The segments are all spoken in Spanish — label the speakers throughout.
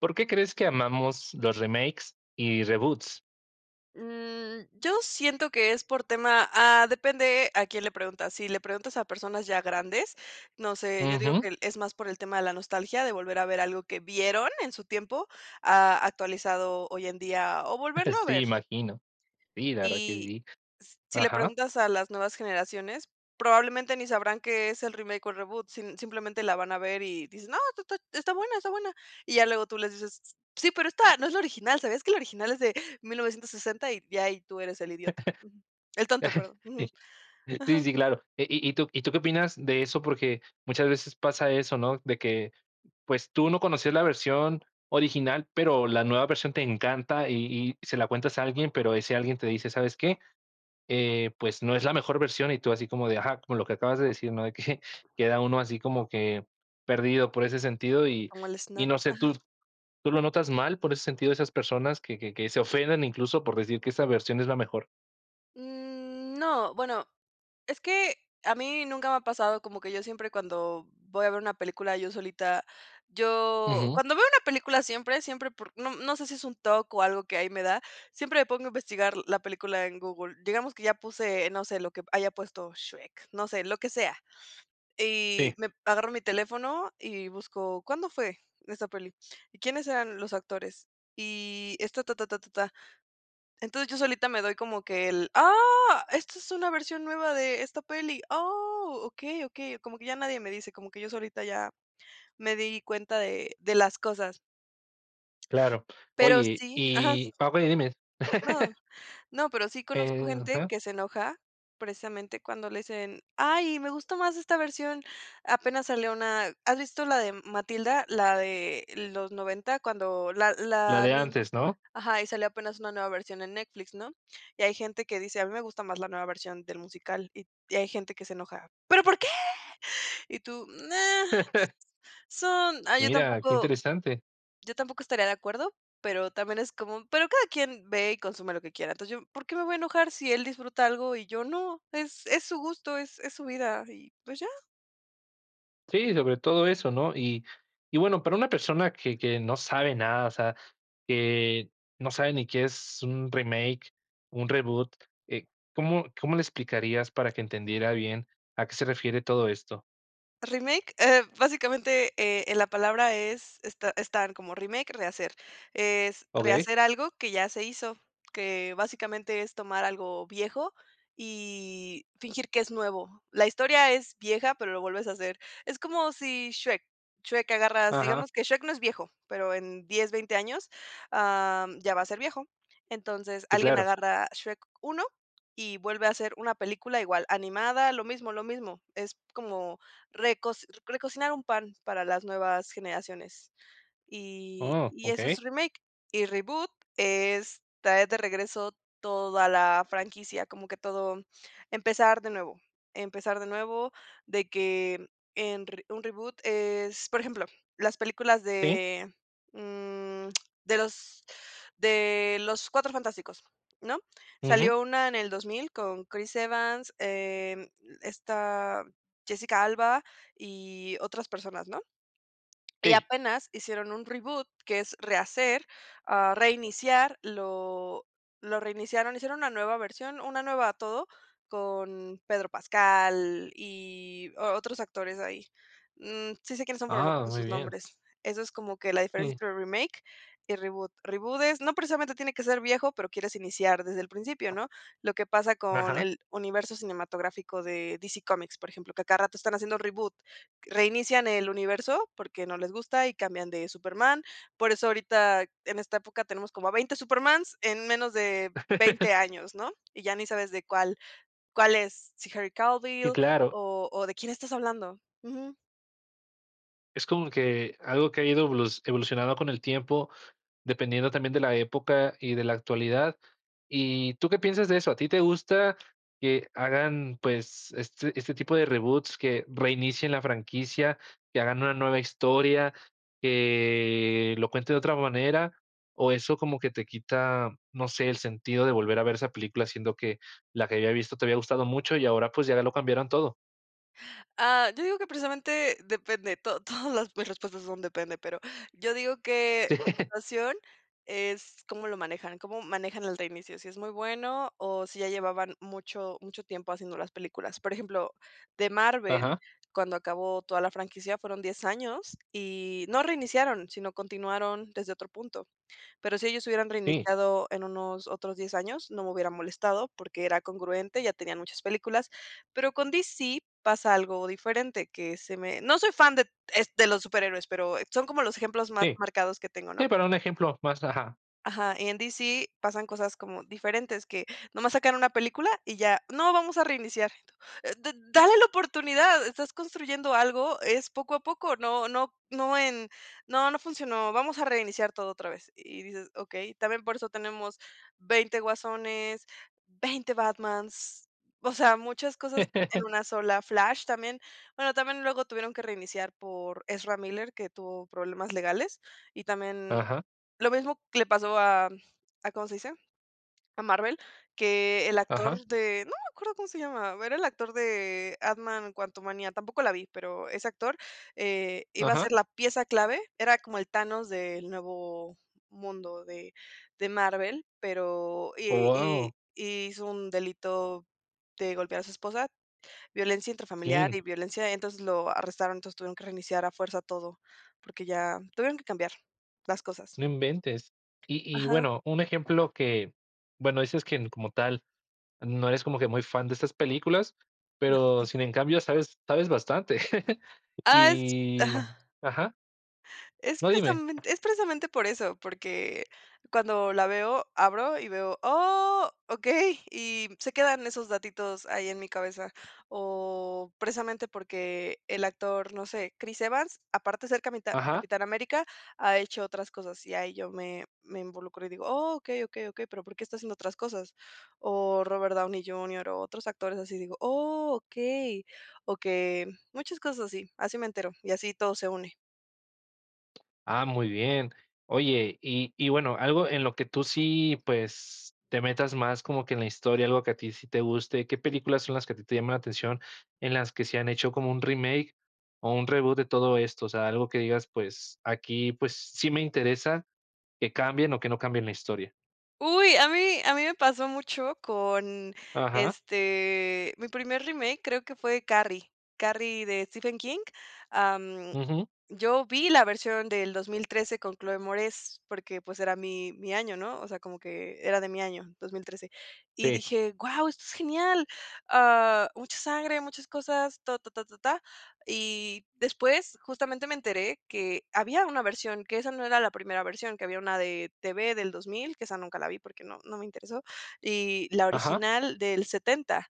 Speaker 1: ¿Por qué crees que amamos los remakes y reboots?
Speaker 2: Mm, yo siento que es por tema, ah, depende a quién le preguntas. Si le preguntas a personas ya grandes, no sé, yo digo
Speaker 1: Ujú.
Speaker 2: que el es más por el tema de la nostalgia de volver a ver algo que vieron en su tiempo a actualizado hoy en día o volverlo a
Speaker 1: Sí,
Speaker 2: ver.
Speaker 1: imagino. Sí, la verdad que
Speaker 2: Y
Speaker 1: sí.
Speaker 2: s si le
Speaker 1: Ajá.
Speaker 2: preguntas a las nuevas generaciones, probablemente ni sabrán qué es el remake o reboot. Sim simplemente la van a ver y dicen: "No, ta ta está buena, está buena" y ya luego tú les dices: "S sí, pero esta no es la original, ¿sabías que la original es de 1960? Y ya ahí tú eres el idiota, ujú. El tonto, perdón,
Speaker 1: Sí.
Speaker 2: ujú.
Speaker 1: Sí,
Speaker 2: Ajá.
Speaker 1: sí, claro. Eh, ¿y y tú y tú qué opinas de eso? Porque muchas veces pasa eso, no de que pues tú no conocías la versión original, pero la nueva versión te encanta y y se la cuentas a alguien, pero ese alguien te dice: "¿Sabes qué?, eh, pues, no es la mejor versión", y tú así como de: "Ajá", como lo que acabas de decir, ¿no?, de que, queda uno así como que perdido por ese sentido y
Speaker 2: Como el
Speaker 1: y
Speaker 2: snap,
Speaker 1: no sé, ¿tú
Speaker 2: ajá.
Speaker 1: tú lo notas mal? Por ese sentido de esas personas que que que se ofendan incluso por decir que esa versión es la mejor.
Speaker 2: Mm, no. Bueno, es que a mí nunca me ha pasado, como que yo siempre cuando voy a ver una película yo solita, yo
Speaker 1: Ujú.
Speaker 2: cuando veo una película siempre, siempre por no no sé si es un TOC o algo que ahí me da siempre me pongo a investigar la película en Google. Digamos que ya puse, no sé, lo que haya puesto Shrek, no sé, lo que sea,
Speaker 1: Sí.
Speaker 2: y me agarro mi teléfono y busco, ¿cuándo fue esa peli? ¿Y quiénes eran los actores y esta ta, ta, ta, ta, ta. Entonces, yo solita me doy como que el: "Ah, esta es una versión nueva de esta peli, oh, okey, okey", como que ya nadie me dice como que yo solita ya me di cuenta de de las cosas.
Speaker 1: Claro.
Speaker 2: Pero
Speaker 1: Oye,
Speaker 2: sí ajá.
Speaker 1: y [unintelligible] y dimes.
Speaker 2: No, no, pero sí conozco
Speaker 1: Eh,
Speaker 2: gente
Speaker 1: ajá.
Speaker 2: que se enoja, precisamente, cuando le dicen: "Ay, me gustó más esta versión". Apenas salió una, ¿has visto la de Matilda?, la de los 90 cuando la
Speaker 1: La
Speaker 2: la
Speaker 1: de
Speaker 2: ni
Speaker 1: antes, ¿no?
Speaker 2: ajá, y salió apenas una nueva versión en Netflix, ¿no? Y hay gente que dice: "A mí me gusta más la nueva versión del musical", y y hay gente que se enoja: "Pero, ¿por qué?" y tú: "No". Son ay, yo
Speaker 1: Mira qué
Speaker 2: tampoco
Speaker 1: interesante.
Speaker 2: yo tampoco estaría de acuerdo, pero también es como. "Pero cada quien ve y consume lo que quiera". Entonces yo, ¿por qué me voy a enojar?, si él disfruta algo y yo no, es es su gusto, es es su vida y, pues, ya.
Speaker 1: Sí, sobre todo eso, ¿no? Y y bueno, para una persona que que no sabe nada, o sea, que no sabe ni que es un remake, un reboot, eh, ¿cómo cómo le explicarías para que entendiera bien a qué se refiere todo esto?
Speaker 2: Remake, eh, básicamente, eh eh, la palabra es es ta es tal como remake, rehacer, es
Speaker 1: Okey.
Speaker 2: rehacer algo que ya se hizo, que, básicamente, es tomar algo viejo, y fingir que es nuevo. La historia es vieja, pero lo vuelves a hacer, es como si Shrek, Shrek agarras,
Speaker 1: Ajá.
Speaker 2: digamos que Shrek no es viejo, pero en 10, 20 años, am, ya va a ser viejo. Entonces,
Speaker 1: Sí,
Speaker 2: alguien
Speaker 1: claro.
Speaker 2: agarra Shrek 1 y vuelve a hacer una película igual animada, lo mismo, lo mismo. Es como recos recocinar un pan para las nuevas generaciones, y
Speaker 1: Oh,
Speaker 2: y eso es
Speaker 1: okey.
Speaker 2: remake. Y reboot, es traer de regreso toda la franquicia, como que todo empezar de nuevo, empezar de nuevo de que en re un reboot es, por ejemplo, las películas
Speaker 1: Sí.
Speaker 2: de, mm, de los de los Cuatro Fantásticos, ¿no?
Speaker 1: Ujú.
Speaker 2: Salió una en el 2000 con Chris Evans, em, esta, Jessica Alba y otras personas, ¿no? Y
Speaker 1: Sí.
Speaker 2: apenas hicieron un reboot que es rehacer, ah, reiniciar, lo lo reiniciaron, hicieron una nueva versión, una nueva todo, con Pedro Pascal, y o otros actores ahí. Mm, sí sé quiénes son, pero no me
Speaker 1: Ah,
Speaker 2: acuerdo
Speaker 1: muy
Speaker 2: sus
Speaker 1: bien.
Speaker 2: nombres. Eso es como que la diferencia
Speaker 1: Sí.
Speaker 2: entre remake y reboot. Reboot es no precisamente tiene que ser viejo, pero quieres iniciar desde el principio, ¿no? Lo que pasa con
Speaker 1: Ajá.
Speaker 2: el universo cinematográfico de DC Comics, por ejemplo, que a cada rato están haciendo reboot, reinician el universo porque no les gusta y cambian de Superman. Por eso ahorita en esta época tenemos como a 20 Supermans en menos de 20 años, ¿no? Y ya ni sabes de cuál cuál es, si Harry
Speaker 1: Sí,
Speaker 2: Cavill,
Speaker 1: claro.
Speaker 2: o o de quién estás hablando. Ujú.
Speaker 1: Es como que algo que ha ido evolu evolucionando con el tiempo, dependiendo también de la época y de la actualidad. ¿Y tú qué piensas de eso? ¿A ti te gusta que hagan, pues, este este tipo de reboots que reinicien la franquicia, que hagan una nueva historia, que lo cuenten de otra manera o eso como que te quita, no sé, el sentido de volver a ver esa película, siendo que la que había visto te había gustado mucho, y ahora, pues, ya lo cambiaron todo?
Speaker 2: Ah, yo digo que precisamente depende, to todas las mis respuestas son depende, pero yo digo que
Speaker 1: Sí.
Speaker 2: la situación es, cómo lo manejan, cómo manejan el reinicio. Si es muy bueno, o si ya llevaban mucho mucho tiempo haciendo las películas. Por ejemplo, de Marvel,
Speaker 1: Ajá.
Speaker 2: cuando acabó toda la franquicia fueron 10 años, y no reiniciaron, sino continuaron desde otro punto. Pero si ellos hubieran
Speaker 1: Sí.
Speaker 2: reiniciado en unos otros 10 años, no me hubieran molestado, porque era congruente. Ya tenían muchas películas, pero con DC pasa algo diferente que se me no soy fan de de los superhéroes, pero son como los ejemplos más
Speaker 1: Sí.
Speaker 2: marcados que tengo, ¿no?
Speaker 1: es para un ejemplo más, ajá.
Speaker 2: Ajá, y en DC pasan cosas como diferentes que nomás sacan una película, y ya: "No vamos a reiniciar", eh, de de dale la oportunidad, estás construyendo algo, es poco a poco, no no no en "No no funcionó, vamos a reiniciar todo otra vez", y dices: "Okey, también por eso tenemos 20 Guasones, 20 Batmans", o sea, muchas cosas en una sola, Flash también, bueno, también luego tuvieron que reiniciar por Ezra Miller, que tuvo problemas legales y también,
Speaker 1: Ajá.
Speaker 2: lo mismo que le pasó a a, ¿cómo se dice?, a Marvel que, el
Speaker 1: Ajá.
Speaker 2: actor de no me acuerdo cómo se llamaba, era el actor de Antman Quantumania, tampoco la vi, pero ese actor, eh, iba a ser
Speaker 1: Ajá.
Speaker 2: la pieza clave, era como el Thanos del "Nuevo Mundo" de de Marvel, pero y
Speaker 1: Guau.
Speaker 2: y y hizo un delito de golpear a su esposa, violencia intrafamiliar
Speaker 1: Sí.
Speaker 2: y violencia, entonces lo arrestaron, entonces tuvieron que reiniciar a fuerza todo porque ya tuvieron que cambiar las
Speaker 1: No
Speaker 2: cosas.
Speaker 1: inventes, y y
Speaker 2: Ajá.
Speaker 1: bueno, un ejemplo que, bueno, dices que como tal, no eres como que muy fan de estas películas,
Speaker 2: No,
Speaker 1: pero
Speaker 2: jum.
Speaker 1: sin en cambio sabes sabes bastante,
Speaker 2: Ah, es
Speaker 1: y
Speaker 2: Ajá.
Speaker 1: Ajá.
Speaker 2: Es
Speaker 1: No, dime.
Speaker 2: precisamente es precisamente por eso, porque cuando la veo abro, y veo, "Oh, okey", y se quedan esos datitos ahí en mi cabeza, o precisamente porque el actor, no sé, Chris Evans, aparte de ser Camita
Speaker 1: Ajá.
Speaker 2: Capitán América, ha hecho otras cosas, y ahí yo me me involucro y digo: "Oh, okey, okey, okey, pero, ¿por qué está haciendo otras cosas?", o Robert Downey Junior, o otros actores así digo: "Oh okey, okey", muchas cosas y así, así me entero, y así todo se une.
Speaker 1: Ah, muy bien. Oye, y y bueno, algo en lo que tú sí, pues, te metas más como que en la historia, algo que a ti sí te guste. ¿Qué películas son las que a ti te llama la atención? En las que se han hecho como un remake, o un reboot de todo esto. de todo esto. O sea, algo que digas: "Pues, aquí, pues, sí me interesa, que cambien, o que no cambien la historia.
Speaker 2: Uy, a mí a mí me pasó mucho con,
Speaker 1: Ajá.
Speaker 2: este, mi primer remake, creo que fue Carrie. Carrie, de Stephen King, am,
Speaker 1: Ujú.
Speaker 2: yo vi la versión del 2013 con Chloë Moretz, porque, pues, era mi mi año, ¿no? O sea, como que, era de mi año, 2013. Y
Speaker 1: Sí
Speaker 2: dije: "Guau, esto es genial, ah, mucha sangre, muchas cosas, ta, ta, ta, ta, tá". Y, después, justamente, me enteré, que había una versión, que esa no era la primera versión, que había una de TV del 2000, que esa nunca la vi, porque no no me interesó, y la
Speaker 1: Ajá.
Speaker 2: original del 70.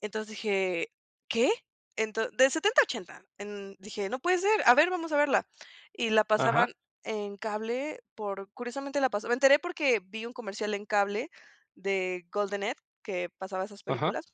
Speaker 2: Entonces, dije: "¿Qué?, ento de 70 a 80". En dije: "No puede ser. A ver, vamos a verla". Y la
Speaker 1: Ajá.
Speaker 2: pasaban en cable por curiosamente la pasó Me enteré porque, vi un comercial en cable, de Golden Edge, que pasaba esas
Speaker 1: Ajá.
Speaker 2: películas.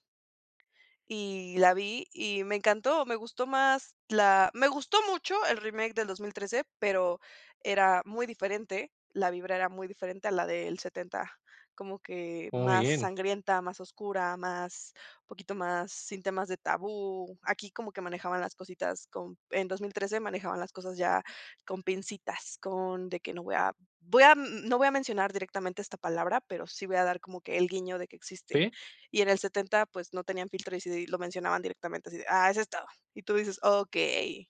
Speaker 2: Y la vi y me encantó. Me gustó más, la Me gustó mucho el remake en del 2013 pero era muy diferente. La vibra era muy diferente a la del 70 como que
Speaker 1: Muy
Speaker 2: más
Speaker 1: bien.
Speaker 2: sangrienta, más oscura, más un poquito más, sin temas de tabú. Aquí como que manejaban las cositas con En 2013 manejaban las cosas ya, con pincitas, con de que, no voy a voy a n no voy a mencionar directamente esta palabra, pero sí voy a dar como que, el guiño de que existe.
Speaker 1: Sí.
Speaker 2: Y en el 70 pues, no tenían filtro, y sí lo mencionaban directamente, así de: "Ah, ese estaba", y tú dices: "Okey".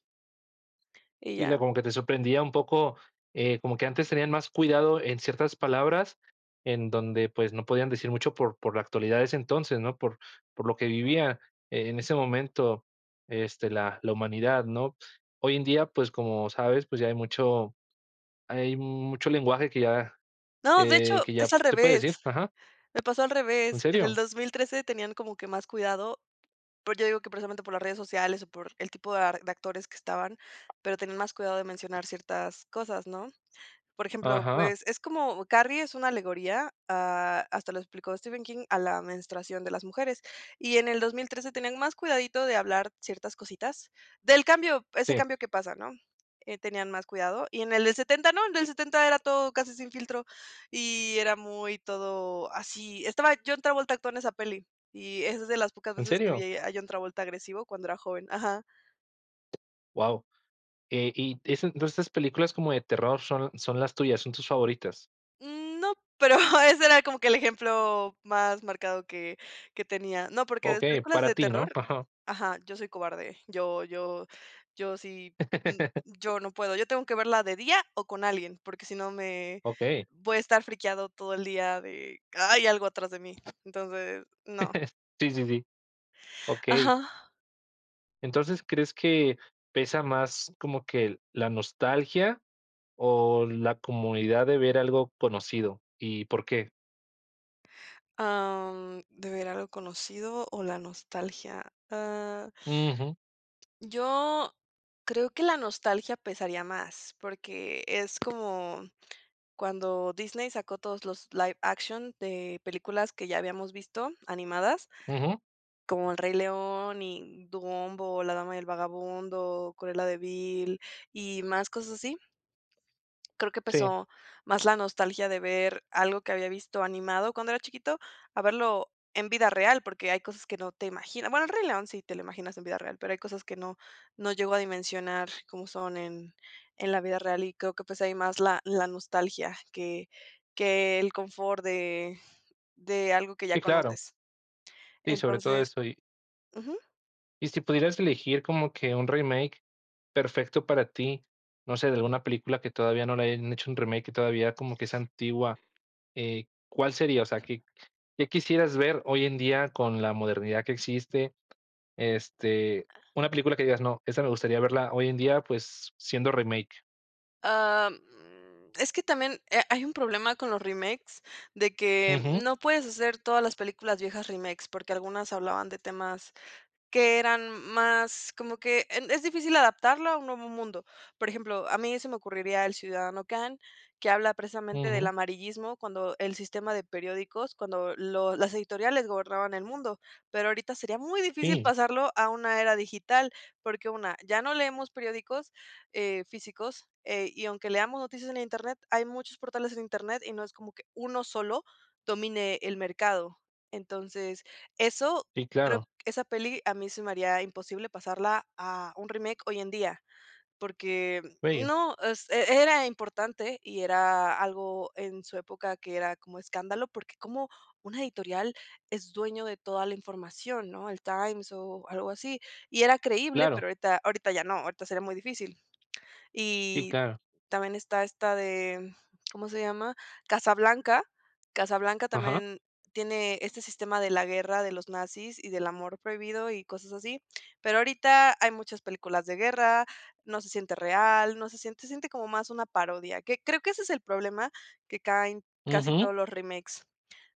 Speaker 2: Y
Speaker 1: Y luego
Speaker 2: ya.
Speaker 1: como que te sorprendía un poco, eh, como que antes tenían más cuidado en ciertas palabras, en donde, pues, no podían decir mucho por por la actualidad de ese entonces, ¿no? Por por lo que vivía, eh, en ese momento, este, la la humanidad, ¿no? Hoy en día, pues, como sabes, pues, ya hay mucho hay mucho lenguaje que ya,
Speaker 2: No, de hecho,
Speaker 1: eh, que ya
Speaker 2: es al
Speaker 1: se puede
Speaker 2: revés.
Speaker 1: decir Ajá.
Speaker 2: Me pasó al
Speaker 1: ¿En
Speaker 2: revés. En el
Speaker 1: serio?
Speaker 2: 2013 tenían como que más cuidado. Pues, yo digo que precisamente por las redes sociales, o por el tipo de ar de actores que estaban, pero tenían más cuidado de mencionar ciertas cosas, ¿no? Por ejemplo,
Speaker 1: Ajá.
Speaker 2: pues es como, Carrie es una alegoría, ah, hasta lo explicó Stephen King, a la menstruación de las mujeres. Y en el 2013 tenían más cuidadito de hablar ciertas cositas, del cambio, ese
Speaker 1: Sí.
Speaker 2: cambio que pasa, ¿no?, eh, tenían más cuidado. Y en el del 70 no. El del 70 era todo casi sin filtro. Y era muy, todo así. Estaba John Travolta, actúa en esa peli. Y es de las pocas
Speaker 1: ¿En
Speaker 2: veces, que
Speaker 1: serio?
Speaker 2: vi a John Travolta, agresivo cuando era joven. Ajá.
Speaker 1: Guau, eh, y esas entonces estas películas como de terror son son las tuyas, son tus favoritas.
Speaker 2: Mm, no, pero ese era como que el ejemplo más marcado que que tenía. No, porque las
Speaker 1: Okey,
Speaker 2: películas
Speaker 1: para
Speaker 2: de
Speaker 1: ti, ¿no?,
Speaker 2: terror
Speaker 1: ajá.
Speaker 2: ajá, yo soy cobarde, yo yo yo sí y yo no puedo. Yo tengo que verla de día o con alguien, porque si no me
Speaker 1: Okey.
Speaker 2: voy a estar friqueado todo el día de: "Hay algo atrás de mí", entonces no.
Speaker 1: Sí, sí, sí. Okey.
Speaker 2: Ajá.
Speaker 1: Entonces ¿crees que pesa más como que la nostalgia o la comunidad de ver algo conocido? ¿Y por qué?
Speaker 2: Am, ¿de ver algo conocido o la nostalgia? Ah.
Speaker 1: Ujú.
Speaker 2: Yo creo que la nostalgia pesaría más porque es como cuando Disney sacó todos los live action de películas que ya habíamos visto, animadas
Speaker 1: Ujú.
Speaker 2: como El Rey León y Dumbo, la Dama y el Vagabundo, Cruela de Vill y más cosas así creo que
Speaker 1: Sí.
Speaker 2: pesó más la nostalgia de ver algo que había visto animado cuando era chiquito a verlo en vida real, porque hay cosas que no te imaginas. bueno, el Rey León sí te lo imaginas en vida real, pero hay cosas que no no llego a dimensionar como son en en la vida real y creo que pues hay más la la nostalgia que que el confort de de algo que ya
Speaker 1: Sí, claro.
Speaker 2: conoces.
Speaker 1: Sí, sobre todo
Speaker 2: Entonces
Speaker 1: esto, y.
Speaker 2: ujú.
Speaker 1: ¿Y si pudieras elegir, como que un remake perfecto para ti? No sé, de alguna película, que todavía no le hayan hecho un remake. Que todavía, como que es antigua. Eh, ¿cuál sería? O sea, ¿qué qué quisieras ver hoy en día, con la modernidad que existe? Este,
Speaker 2: Ah.
Speaker 1: una película que digas: "No, esa me gustaría verla hoy en día, pues, siendo remake".
Speaker 2: Am, es que también, eh, hay un problema con los remakes. De que,
Speaker 1: Ujú.
Speaker 2: no puedes hacer todas las películas viejas, remakes, porque algunas hablaban de temas, que eran más como que en Es difícil adaptarlo a un nuevo mundo. Por ejemplo, a mí se me ocurriría, el Ciudadano Khan, que habla precisamente, del
Speaker 1: Ujú.
Speaker 2: amarillismo. Cuando el sistema de periódicos, cuando los las editoriales gobernaban el mundo. Pero ahorita, sería muy difícil,
Speaker 1: Sí.
Speaker 2: pasarlo a una era digital, porque 1, ya no leemos periódicos, eh, físicos. Eh, y aunque leamos noticias en internet, hay muchos portales en internet, y no es como que, 1 sólo, domine el mercado. Entonces, eso
Speaker 1: Sí,
Speaker 2: creo
Speaker 1: claro.
Speaker 2: Esa peli, a mí se me haría imposible, pasarla a un remake, hoy en día. Porque,
Speaker 1: Bello.
Speaker 2: no. Es era importante. Y era algo en su época, que era como escándalo, porque, ¿cómo una editorial, es dueño de toda la información?, ¿no? El Times, o algo así. Y era creíble.
Speaker 1: Claro.
Speaker 2: Pero ahorita ahorita, ya no. Ahorita sería muy difícil.
Speaker 1: Sí,
Speaker 2: Y
Speaker 1: claro.
Speaker 2: también está, esta de, ¿cómo se llama? Casablanca. Casablanca,
Speaker 1: Ajá.
Speaker 2: también tiene este sistema de la guerra, de los nazis, y del amor prohibido, y cosas así. Pero ahorita, hay muchas películas de guerra. No se siente real, no se siente Se siente como más una parodia. Que creo que ese es el problema, que caen casi
Speaker 1: Ujú.
Speaker 2: todos los remakes,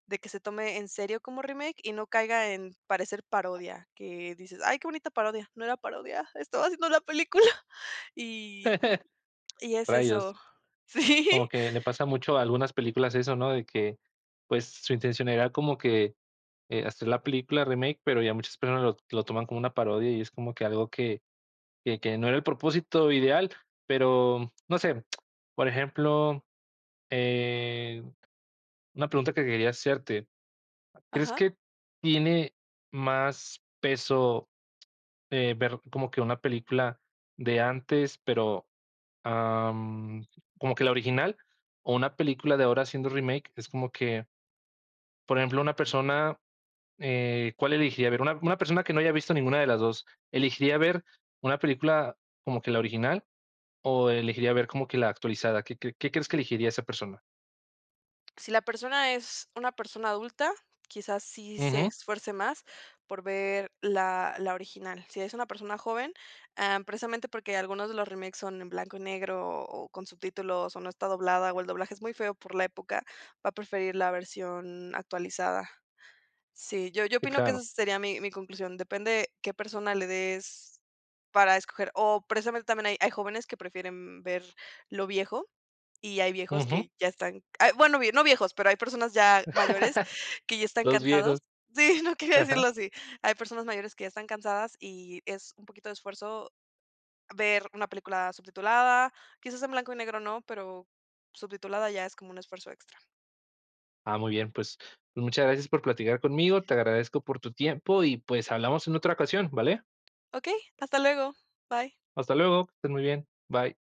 Speaker 2: de que se tome en serio como remake, y no caiga en parecer parodia. Que dices: "Ay, qué bonita parodia". "No era parodia. Estaba haciendo película". Y y es eso.
Speaker 1: Rayos.
Speaker 2: Sí.
Speaker 1: Como que le pasa mucho, a algunas películas, eso ¿no? De que, pues, su intención era como que, eh, hacer la película remake, pero ya muchas personas lo-lo toman como una parodia. Y es como que algo que que que no era el propósito ideal. Pero, no sé, por ejemplo, eh, una pregunta que quería hacerte, ¿crees
Speaker 2: Ajá.
Speaker 1: que tiene más peso, eh, ver como que una película de antes, pero, am, ¿como que la original? O una película de ahora, haciendo remake. Es como que Por ejemplo, una persona, eh, ¿cuál elegiría ver? Una una persona, que no haya visto ninguna de las dos, ¿elegiría ver una película, como que la original? ¿O elegiría ver, como que la actualizada? ¿Qué qué qué crees, que elegiría a esa persona?
Speaker 2: Si la persona, es una persona adulta, quizás, sí se
Speaker 1: Ujú.
Speaker 2: esfuerce más, por ver la la original. Si es una persona joven, eh, precisamente, porque algunos de los remakes son en blanco y negro, o con subtítulos, o no está doblada, o el doblaje es muy feo, por la época. Va a preferir la versión actualizada. Sí. Yo yo
Speaker 1: Sí,
Speaker 2: opino, que esa
Speaker 1: claro.
Speaker 2: sería mi mi conclusión. Depende, qué persona le des, para escoger. O precisamente, también, hay hay jóvenes, que prefieren ver lo viejo. Y hay viejos,
Speaker 1: Ujú.
Speaker 2: que ya están Ah, bueno, no viejos, pero hay personas ya mayores, que ya están
Speaker 1: Los
Speaker 2: cansados.
Speaker 1: viejos.
Speaker 2: Sí, no quería
Speaker 1: Ajá.
Speaker 2: decirlo así. Hay personas mayores, que ya están cansadas. Y es un poquito de esfuerzo, ver una película subtitulada. Quizás en blanco y negro, no, pero subtitulada, ya es como un esfuerzo extra.
Speaker 1: Ah, muy bien. Pues, muchas gracias por platicar conmigo. Te agradezco por tu tiempo, y pues, hablamos en otra ocasión, ¿vale?
Speaker 2: Okey. Hasta luego. Bye.
Speaker 1: Hasta luego, que estés muy bien, bye.